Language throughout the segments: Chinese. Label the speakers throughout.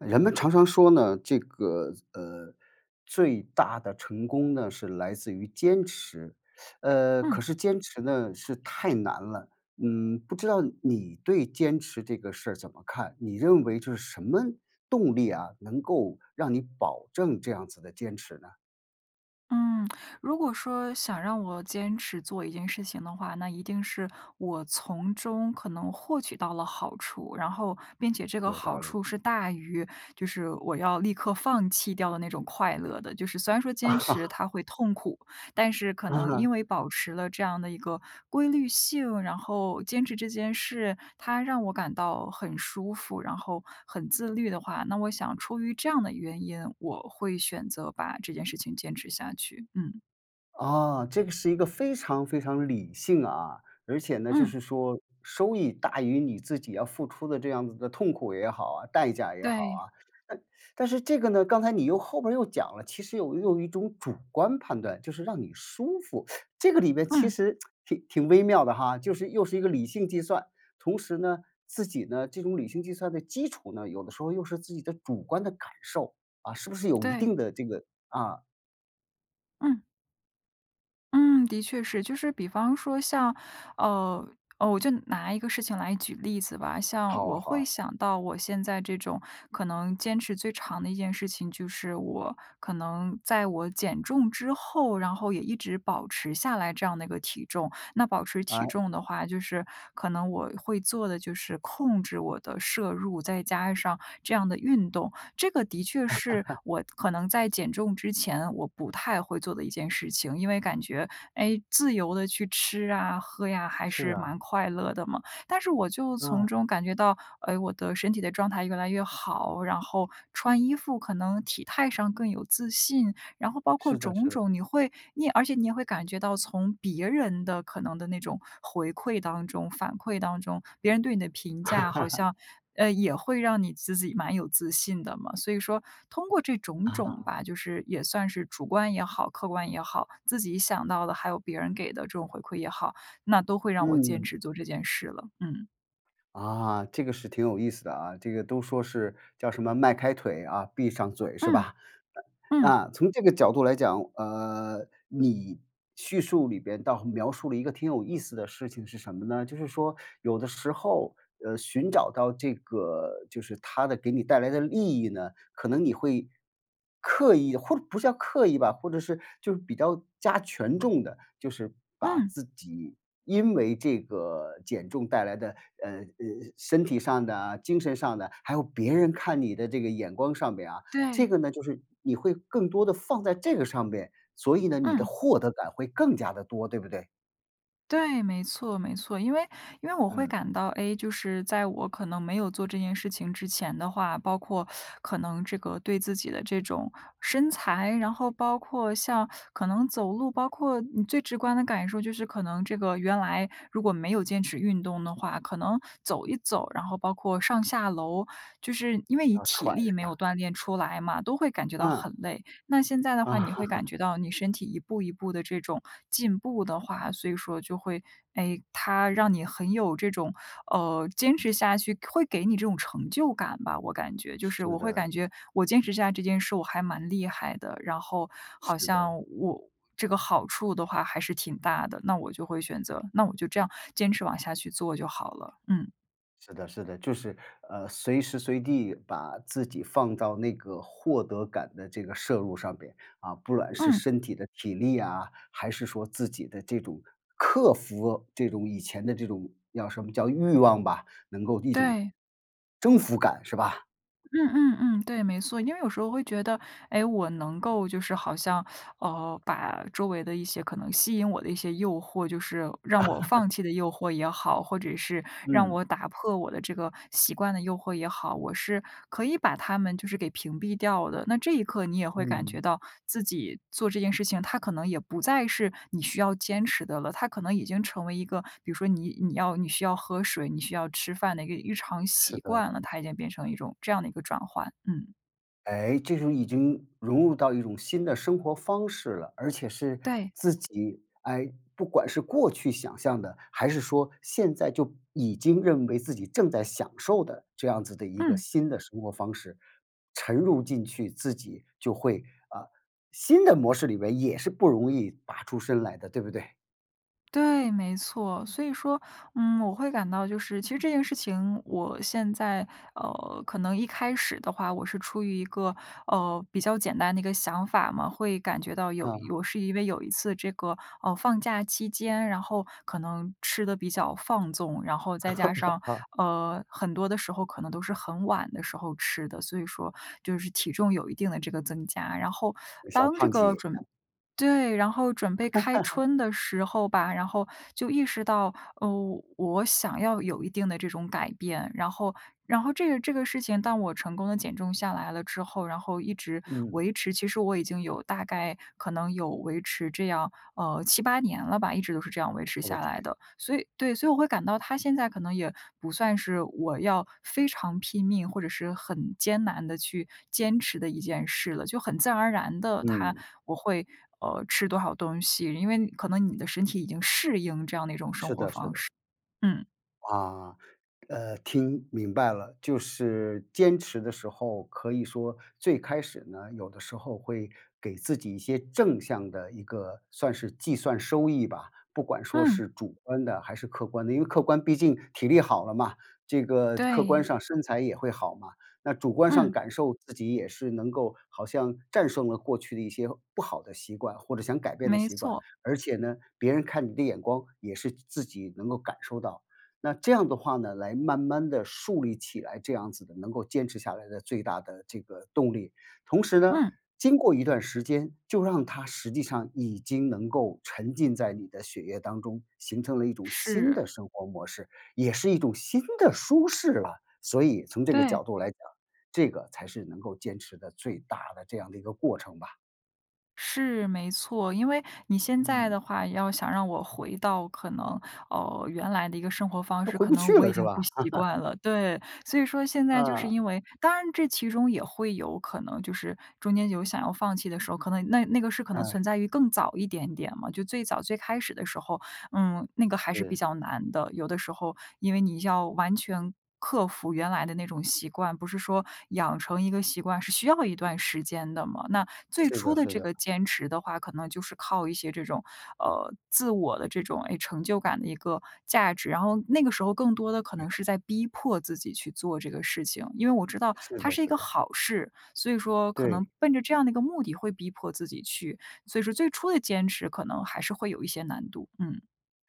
Speaker 1: 人们常常说呢，这个，呃，最大的成功呢，是来自于坚持。呃，
Speaker 2: 嗯。
Speaker 1: 可是坚持呢，是太难了。嗯，不知道你对坚持这个事儿怎么看？你认为这是什么动力啊，能够让你保证这样子的坚持呢？
Speaker 2: 嗯，如果说想让我坚持做一件事情的话，那一定是我从中可能获取到了好处。然后并且这个
Speaker 1: 有
Speaker 2: 好
Speaker 1: 道理。
Speaker 2: 处是大于，就是我要立刻放弃掉的那种快乐的。就是虽然说坚持 它会痛苦，但是可能
Speaker 1: 啊。
Speaker 2: 因为保持了这样的一个规律性，然后坚持这件事，它让我感到很舒服，然后很自律的话，那我想出于这样的原因，我会选择把这件事情坚持下去，嗯。
Speaker 1: 啊，这个是一个非常非常理性啊，而且呢，就
Speaker 2: 嗯。
Speaker 1: 是说，收益大于你自己要付出的这样子的痛苦也好啊、代价也好
Speaker 2: 对。
Speaker 1: 啊。那但是这个呢，刚才你又后面又讲了，其实有又有一种主观判断，就是让你舒服。这个里面其
Speaker 2: 嗯。
Speaker 1: 实 挺挺微妙的哈。就是又是一个理性计算，同时呢，自己呢，这种理性计算的基础呢，有的时候又是自己的主观的感受。啊，是不是有一
Speaker 2: 对。
Speaker 1: 定的这个啊。
Speaker 2: 嗯。嗯，的确是。就是比方说像呃呃，我就拿一个事情来举例子吧。像
Speaker 1: 好啊
Speaker 2: 我
Speaker 1: 好
Speaker 2: 会
Speaker 1: 啊。
Speaker 2: 想到我现在这种可能坚持最长的一件事情，就是我可能在我减重之后，然后也一直保持下来这样的一个体重。那保持体
Speaker 1: 诶。
Speaker 2: 重的话，就是可能我会做的就是控制我的摄入，再加上这样的运动。这个的确是 我可能在减重之前我不太会做的一件事情，因为感觉，诶，自由地去吃啊、喝呀，还
Speaker 1: 是
Speaker 2: 是
Speaker 1: 啊。
Speaker 2: 蛮快乐的嘛。但是我就从
Speaker 1: 嗯。
Speaker 2: 中感觉到，诶，我的身体的状态越来越好，然后穿衣服可能体态上更有自信，然后包括
Speaker 1: 是的
Speaker 2: 种
Speaker 1: 是的。
Speaker 2: 种你会你而且你也会感觉到从别人的可能的那种回馈当中反馈当中，别人对你的评价好 像，呃，也会让你自己蛮有自信的嘛。所以说通过这种种
Speaker 1: 啊。
Speaker 2: 吧，就是也算是主观也好，客观也好，自己想到的还有别人给的这种回馈也好，那都会让我坚
Speaker 1: 嗯。
Speaker 2: 持做这件事了。嗯。
Speaker 1: 啊，这个是挺有意思的啊。这个都说是叫什么“迈开腿啊，闭上嘴”是
Speaker 2: 嗯。
Speaker 1: 吧？呃，
Speaker 2: 嗯。
Speaker 1: 啊，从这个角度来讲，呃，你叙述里边倒描述了一个挺有意思的事情是什么呢？就是说有的时候，呃，寻找到这个就是它的给你带来的利益呢，可能你会刻意或者不叫刻意吧，或者是就是比较加权重地，就是把
Speaker 2: 嗯。
Speaker 1: 自己因为这个减重带来的，呃，呃，身体上的、精神上的，还有别人看你的这个眼光上边啊，这
Speaker 2: 对。
Speaker 1: 个呢，就是你会更多地放在这个上边，所以呢，你的
Speaker 2: 嗯。
Speaker 1: 获得感会更加地多，对不对？
Speaker 2: 对，没错没错，因为因为我会
Speaker 1: 嗯。
Speaker 2: 感到，哎，就是在我可能没有做这件事情之前的话，包括 可能这个对自己的这种身材，然后包括像可能走路，包括你最直观的感受就是可能这个原来如果没有坚持运动的话，可能走一走，然后包括上下楼，就是因为你
Speaker 1: 啊，
Speaker 2: 体
Speaker 1: 喘
Speaker 2: 力
Speaker 1: 是
Speaker 2: 没有
Speaker 1: 吧？
Speaker 2: 锻炼出来嘛，都会感觉到
Speaker 1: 嗯。
Speaker 2: 很累。那现在的
Speaker 1: 啊。
Speaker 2: 话你会感 觉到你身体一步一步的这种进步的话，所以说就会，诶，它让你很有这种，呃，坚持下去会给你这种成就感吧，我感觉。就是
Speaker 1: 是
Speaker 2: 我会
Speaker 1: 的。
Speaker 2: 感觉我坚持下来这件事我还蛮厉害的，然后好
Speaker 1: 是
Speaker 2: 像
Speaker 1: 的。
Speaker 2: 我这个好处的话还是挺大的，那我就会选择那我就这样坚持往下去做就好了。嗯。
Speaker 1: 是的是的。就是，呃，随时随地把自己放到那个获得感的这个摄入上面。啊，不管是
Speaker 2: 嗯。
Speaker 1: 身体的体力呀，还是说自己的这种克服这种以前的这种叫什么？叫欲望吧，能够一种
Speaker 2: 对。
Speaker 1: 征服感，是吧？
Speaker 2: 嗯嗯嗯，对，没错。因为有时候会觉得，哎，我能够就是好像 呃，把周围的一些可能吸引我的一些诱惑就是让我放 弃的诱惑也好，或者是让
Speaker 1: 嗯。
Speaker 2: 我打破我的这个习惯的诱惑也好，我是可以把它们就是给屏蔽掉的，那这一刻你也会感
Speaker 1: 嗯。
Speaker 2: 觉到自己做这件事情，它可能也不再是你需要坚持的了。它可能已经成为一个比如说你你要你需要喝水、你需要吃饭的一个日常
Speaker 1: 是
Speaker 2: 习
Speaker 1: 的。
Speaker 2: 惯了，它已经变成一种这样的一个转换，嗯。
Speaker 1: 哎，这种已经融入到一种新的生活方式了，而且是
Speaker 2: 对。
Speaker 1: 自己哎，不管是过去想象的，还是说现在就已经认为自己正在享受的这样子的一个
Speaker 2: 嗯。
Speaker 1: 新的生活方式，沉入进去，自己就会啊，新的模式里面也是不容易拔出身来的，对不对？
Speaker 2: 对，没错。所以说，嗯，我会感到就是其实这件事情我现在呃，可能一开始的话，我是出于一个，呃，比较简单的一个想法嘛，会感觉到有
Speaker 1: 嗯。
Speaker 2: 我是因为有一次这个，呃，放假期间，然后可能吃得比较放纵，然后再加 上，
Speaker 1: 啊。
Speaker 2: 呃，很多的时候，可能都是很晚的时候吃的，所以说，就是体重有一定的这个增加。然后
Speaker 1: 小
Speaker 2: 当这
Speaker 1: 胖
Speaker 2: 个
Speaker 1: 子，
Speaker 2: 准
Speaker 1: 啊。
Speaker 2: 对，然后准备开 春的时候吧，然后就意识到，呃，我想要有一定的这种改变。然后然后这个这个事情，当我成功地减重下来了之后，然后一直
Speaker 1: 嗯。
Speaker 2: 维持，其实我已经有大概可能有维持这样，呃，7-8年了吧，一直都是这样维持
Speaker 1: 我的
Speaker 2: 下来
Speaker 1: 天。
Speaker 2: 的。所以对，所以我会感到，它现在可能也不算是我要非常拼命或者是很艰难地去坚持的一件事了，就很自然而然地它
Speaker 1: 嗯。
Speaker 2: 我会，呃，吃多少东西，因为可能你的身体已经适应这样的一种生
Speaker 1: 是
Speaker 2: 活
Speaker 1: 的是
Speaker 2: 方
Speaker 1: 的。
Speaker 2: 式，嗯。
Speaker 1: 啊，呃，听明白了。就是坚持的时候，可以说最开始呢，有的时候会给自己一些正向的一个算是计算收益吧，不管说
Speaker 2: 嗯
Speaker 1: 是主观的还是客观的。因为客观毕竟体力好了嘛，这个客观
Speaker 2: 对。
Speaker 1: 上身材也会好嘛，那主观上
Speaker 2: 嗯。
Speaker 1: 感受，自己也是能够好像战胜了过去的一些不好的习惯，或者想改变的
Speaker 2: 没
Speaker 1: 习惯。
Speaker 2: 错。
Speaker 1: 而且呢，别人看你的眼光也是自己能够感受到，那这样的话呢，来慢慢地树立起来，这样子的能够坚持下来的最大的这个动力。同时呢，
Speaker 2: 嗯。
Speaker 1: 经过一段时间就让它实际上已经能够沉浸在你的血液当中，形成了一种新
Speaker 2: 是。
Speaker 1: 的生活模式，也是一种新的舒适了。所以从这个
Speaker 2: 对。
Speaker 1: 角度来讲，这个才是能够坚持的最大的这样的一个过程吧。
Speaker 2: 是，没错。因为你现在
Speaker 1: 嗯。
Speaker 2: 的话要想让我回到可能，呃，原来的一个生活方
Speaker 1: 都
Speaker 2: 式，
Speaker 1: 回
Speaker 2: 可
Speaker 1: 不
Speaker 2: 能
Speaker 1: 去
Speaker 2: 我已
Speaker 1: 了，是
Speaker 2: 经不
Speaker 1: 吧？
Speaker 2: 习惯 了，对。所以说现在就是
Speaker 1: 嗯。
Speaker 2: 因为当然这其中也会有可能就是，中间有想要放弃的时候，可能那那个是可能
Speaker 1: 嗯。
Speaker 2: 存在于更早一点点嘛就最早最开始的时候，嗯，那个还是比
Speaker 1: 是。
Speaker 2: 较难的。有的时候因为你要完全克服原来的那种习惯，不是说养成一个习惯是需要一段时间的嘛，那最
Speaker 1: 是
Speaker 2: 初
Speaker 1: 的
Speaker 2: 的
Speaker 1: 是
Speaker 2: 这
Speaker 1: 的。
Speaker 2: 个坚持的话，可能就是靠一些这种，呃，自我的这种，诶，成就感的一个价值。然后那个时候更多的可
Speaker 1: 厉
Speaker 2: 能是
Speaker 1: 害。
Speaker 2: 在逼迫自己去做这个事情，因为我知道
Speaker 1: 是
Speaker 2: 它
Speaker 1: 的
Speaker 2: 是一
Speaker 1: 是
Speaker 2: 个
Speaker 1: 的。
Speaker 2: 好事，所以说可
Speaker 1: 对。
Speaker 2: 能奔着这样的一个目的会逼迫自己去，所以说最初的坚持可能还是会有一些难度，嗯。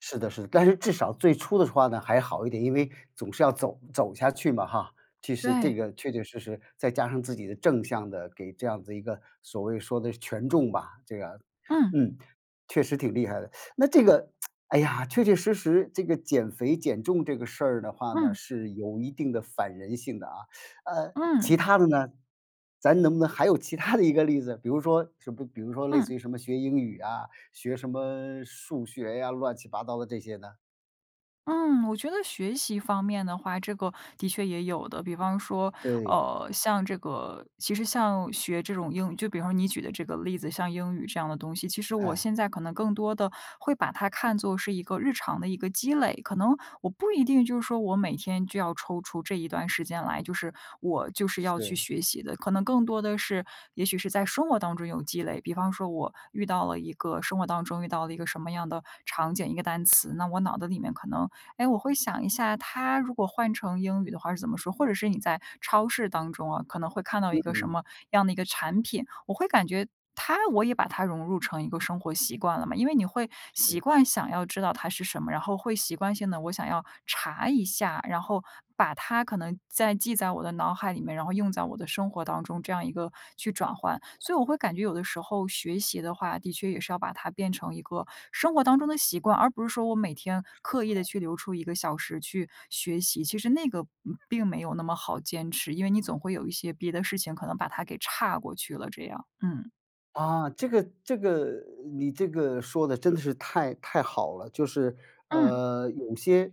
Speaker 1: 是的是的，但是至少最初的话呢还好一点，因为总是要走走下去嘛哈，其实这
Speaker 2: 对。
Speaker 1: 个确确实实再加上自己的正向的给这样子的一个，所谓说的权重吧，这个
Speaker 2: 嗯。
Speaker 1: 嗯，确实挺厉害的。那这个，哎呀，确确实实这个减肥、减重这个事儿的话呢，
Speaker 2: 嗯。
Speaker 1: 是有一定的反人性的啊。呃，
Speaker 2: 嗯。
Speaker 1: 其它的呢？咱能不能还有其它的一个例子？比如说什比比如说类似
Speaker 2: 嗯。
Speaker 1: 于什么学英语啊？学什么数学呀？乱七八糟的这些呢？
Speaker 2: 嗯，我觉得学习方面的话，这个的确也有的。比方说，
Speaker 1: 对。
Speaker 2: 呃，像这个其实像学这种英语就比方说你举的这个例子，像英语这样的东西，其实我
Speaker 1: 哎。
Speaker 2: 现在可能更多的会把它看作是一个日常的一个积累，可能我不一定就是说，我每天就要抽出这一段时间来，就是我就是要去
Speaker 1: 是。
Speaker 2: 学习的，可能更多的是，也许是在生活当中有积累。比方说我遇到了一个生活当中遇到了一个什么样的场景一个单词，那我脑子里面可能，诶，我会想一下，它如果换成英语的话是怎么说？或者是你在超市当中啊，可能会看到一
Speaker 1: 嗯
Speaker 2: 个什
Speaker 1: 嗯。
Speaker 2: 么样的一个产品，我会感觉它我也把它融入成一个生活习惯了嘛，因为你会习
Speaker 1: 嗯。
Speaker 2: 惯想要知道它是什么，然后会习惯性地“我想要查一下”，然后把它可能在记在我的脑海里面，然后用在我的生活当中，这样一个去转换。所以我会感觉有的时候学习的话，的确也是要把它变成一个生活当中的习惯。而不是说我每天
Speaker 1: 说得
Speaker 2: 刻意地
Speaker 1: 好。
Speaker 2: 去留出1个小时去学习，其实那个，嗯，并没有那么好坚持，因为你总会有一些别的事情可能把它给岔过去了这样，嗯。
Speaker 1: 啊，这个这个你这个说得真的是太太好了。就是，
Speaker 2: 嗯。
Speaker 1: 呃，有些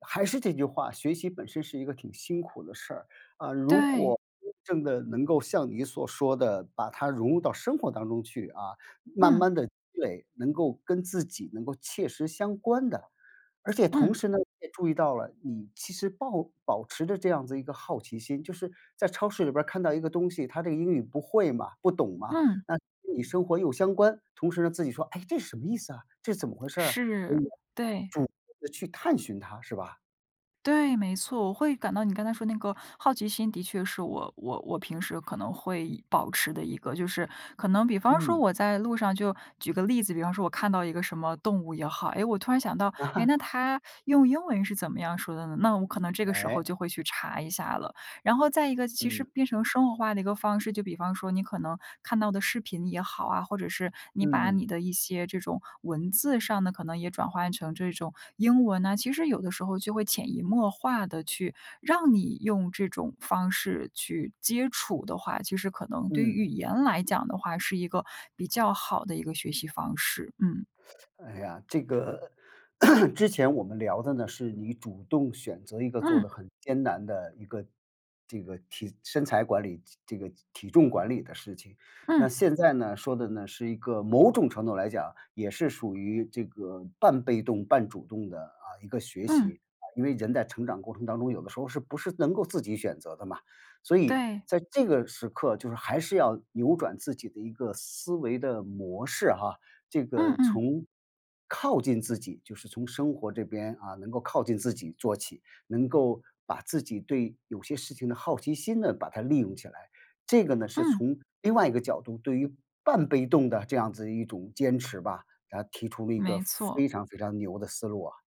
Speaker 1: 还是这句话，学习本身是一个挺辛苦的事儿，啊，如
Speaker 2: 对。
Speaker 1: 果真的能够像你所说的，把它融入到生活当中去啊，慢
Speaker 2: 嗯。
Speaker 1: 慢地积累，能够跟自己能够切实相关的。而且同
Speaker 2: 嗯。
Speaker 1: 时呢，你也注意到了，你其实抱保持着这样子一个好奇心就是在超市里边儿看到一个东西，它这个英语不会嘛、不懂嘛，
Speaker 2: 嗯。
Speaker 1: 那跟你生活又相关，同时呢，自己说：“哎，这什么意思啊？这怎么回事儿啊？”所以
Speaker 2: 是，对。
Speaker 1: 主动地去探寻它，是吧？
Speaker 2: 对，没错。我会感到你刚才说那个好奇心，的确是我我我平时可能会保持的一个就是可能比方说
Speaker 1: 嗯。
Speaker 2: 我在路上就举个例子，比方说我看到一个什么动物也好，诶，我突然想到，诶，那 它用英文是怎么样说的呢？那我可能这个时候
Speaker 1: 哎。
Speaker 2: 就会去查一下了。然后再一个其实
Speaker 1: 嗯。
Speaker 2: 变成生活化的一个方式，就比方说，你可能看到的视频也好啊，或者是你
Speaker 1: 嗯
Speaker 2: 把
Speaker 1: 嗯。
Speaker 2: 你的一些这种文字上的可能也转换成这种英文呢，其实有的时候就会潜移默化地去，让你用这种方式去接触的话，其实可能对于
Speaker 1: 嗯。
Speaker 2: 语言来讲的话，是一个比较好的一个学习方式。嗯。
Speaker 1: 哎呀，这个，之前我们聊的呢，是你主动选择一个做得
Speaker 2: 嗯。
Speaker 1: 很艰难的一个这个体身材管理这这个体重管理的事情。那
Speaker 2: 嗯。
Speaker 1: 现在呢，说的呢，是一个某种程度来讲也是属于这个半被动半主动的，啊，一个学
Speaker 2: 嗯。
Speaker 1: 习。啊，因为人在成长过程当中，有的时候是不是能够自己选择的嘛。所以
Speaker 2: 对。
Speaker 1: 在这个时刻，就是还是要扭转自己的一个思维的模式哈这
Speaker 2: 嗯
Speaker 1: 个
Speaker 2: 嗯。
Speaker 1: 从靠近自己，就是从生活这边，啊，能够靠近自己做起，能够把自己对有些事情的好奇心呢，把它利用起来。这个呢，是
Speaker 2: 嗯。
Speaker 1: 从另外一个角度，对于半被动的这样子的一种坚持吧，那提出了一个
Speaker 2: 没错。
Speaker 1: 非常非常牛的思路啊。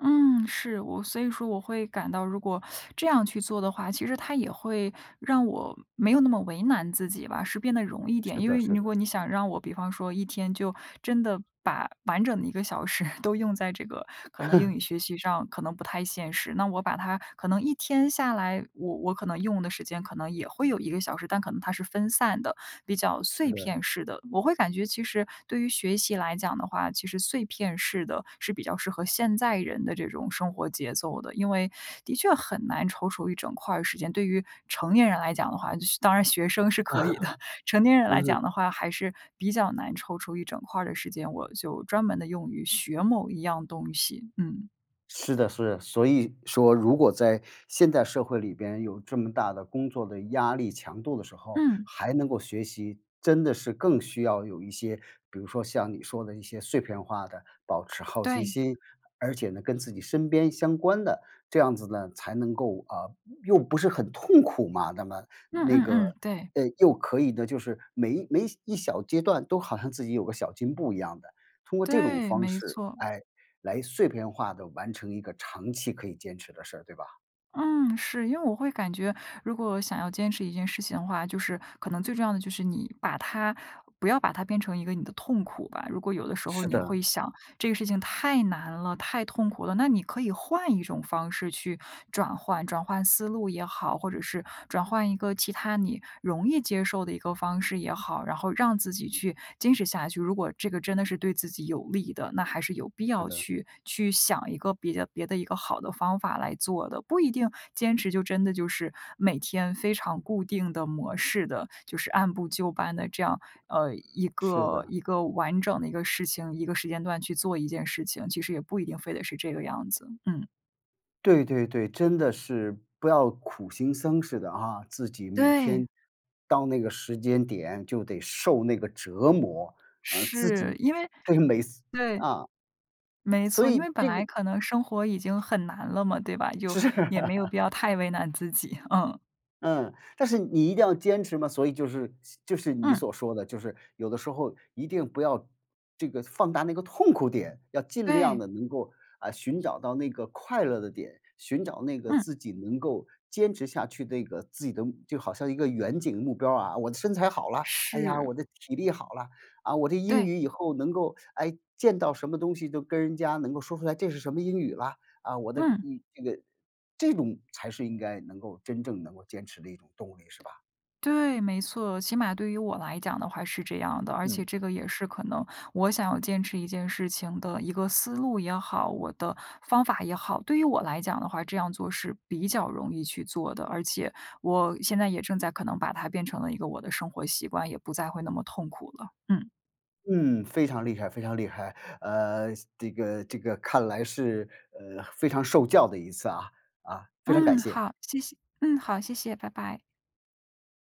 Speaker 2: 嗯，是，我所以说我会感到如果 这样去做的话，其实它也会让我没有那么为难自己吧，是变得容易点。
Speaker 1: 是
Speaker 2: 因
Speaker 1: 的
Speaker 2: 为
Speaker 1: 是
Speaker 2: 如
Speaker 1: 的。
Speaker 2: 果你想让我比方说一天就真的把完整的一个小时都用在这个可能英语 学习上，可能不太现实。那我把它可能一天下来，我我可能用的时间可能也会有一个小时，但可能它是分散的，比较
Speaker 1: 是
Speaker 2: 碎
Speaker 1: 的。
Speaker 2: 片式的。我会感觉其实对于学习来讲的话，其实碎片式的是比较适合现在人的这种生活节奏的，因为的确很难抽出一整块儿时间，对于成年人来讲的话，学当然学生是可以的，成 年人来
Speaker 1: 嗯。
Speaker 2: 讲的话还是比较难抽出一整块儿的时间，我就专门地用于学某一样东西，嗯。
Speaker 1: 是的是的，所以说如果在现代社会里边有这么大的工作的压力强度的时候，
Speaker 2: 嗯。
Speaker 1: 还能够学习，真的是更需要有一些比如说像你说的一些碎片化的，保持好奇
Speaker 2: 对。
Speaker 1: 心，而且呢，跟自己身边相关的，这样子呢，才能够呃，又不是很痛苦嘛，那么
Speaker 2: 嗯
Speaker 1: 那
Speaker 2: 嗯
Speaker 1: 个，
Speaker 2: 嗯，对。
Speaker 1: 诶，又可以呢，就是每每一小阶段都好像自己有个小进步一样的。通过这种
Speaker 2: 对，
Speaker 1: 方
Speaker 2: 没
Speaker 1: 式，
Speaker 2: 错。
Speaker 1: 哎，来碎片化地完成一个长期可以坚持的事儿，对吧？
Speaker 2: 嗯，是。因为我会感觉如果想要坚持一件事情的话，就是可能最重要的就是你把它不要把它变成一个你的痛苦吧。如果有的时候
Speaker 1: 是
Speaker 2: 你
Speaker 1: 的。
Speaker 2: 会想这个事情太难了、太痛苦了，那你可以换一种方式去转换转换思路也好，或者是转换一个其它你容易接受的一个方式也好，然后让自己去坚持下去。如果这个真的是对自己有利的，那还是有必
Speaker 1: 是
Speaker 2: 要
Speaker 1: 的。
Speaker 2: 去去想一个别的别的一个好的方法来做的。不一定坚持就真的就是每天非常固定的模式的，就是按部就班地这样呃，一
Speaker 1: 是
Speaker 2: 个
Speaker 1: 的。
Speaker 2: 一个完整的一个事情一个时间段去做一件事情，其实也不一定非得是这个样子，嗯。
Speaker 1: 对对对，真的是，不要苦行僧似的啊，自己每天
Speaker 2: 对。
Speaker 1: 到那个时间点就得受那个折磨呃，自
Speaker 2: 是，
Speaker 1: 己
Speaker 2: 因为
Speaker 1: 对，每次
Speaker 2: 对。
Speaker 1: 啊。
Speaker 2: 没
Speaker 1: 所
Speaker 2: 错，因
Speaker 1: 以，
Speaker 2: 为本
Speaker 1: 这个
Speaker 2: 来可能生活已经很难了嘛，对吧？就
Speaker 1: 是。
Speaker 2: 也没有必 要太为难自己。嗯。
Speaker 1: 嗯，但是你一定要坚持嘛。所以就是像就是你
Speaker 2: 嗯。
Speaker 1: 所说的就是有的时候一定不要这个放大那个痛苦点，要尽量
Speaker 2: 对。
Speaker 1: 地能够，啊，寻找到那个快乐的点，寻找那个
Speaker 2: 嗯。
Speaker 1: 自己能够坚持下去的，一个自己的就好像一个远景目标儿啊。我的身材好啦，哎呀，
Speaker 2: 是。
Speaker 1: 我的体力好啦，啊，我的英
Speaker 2: 对。
Speaker 1: 语以后能够诶，见到什么东西都跟人家能够说出来这是什么英语啦。啊，我的
Speaker 2: 嗯。
Speaker 1: 嗯，这个这种才是应该能够真正能够坚持的一种动力，是吧？
Speaker 2: 对，没错。起码对于我来讲的话是这样的，而且
Speaker 1: 嗯。
Speaker 2: 这个也是可能我想要坚持一件事情的一个思路也好，我的方法也好。对于我来讲的话，这样做是比较容易去做的，而且我现在也正在可能把它变成了一个我的生活习惯，也不再会那么痛苦了，嗯。
Speaker 1: 嗯，非常厉害非常厉害。呃，是这个这个看来是呃，非常受教的一次啊，啊，非常感
Speaker 2: 嗯，
Speaker 1: 谢。
Speaker 2: 好，谢谢嗯，好，谢谢，拜拜。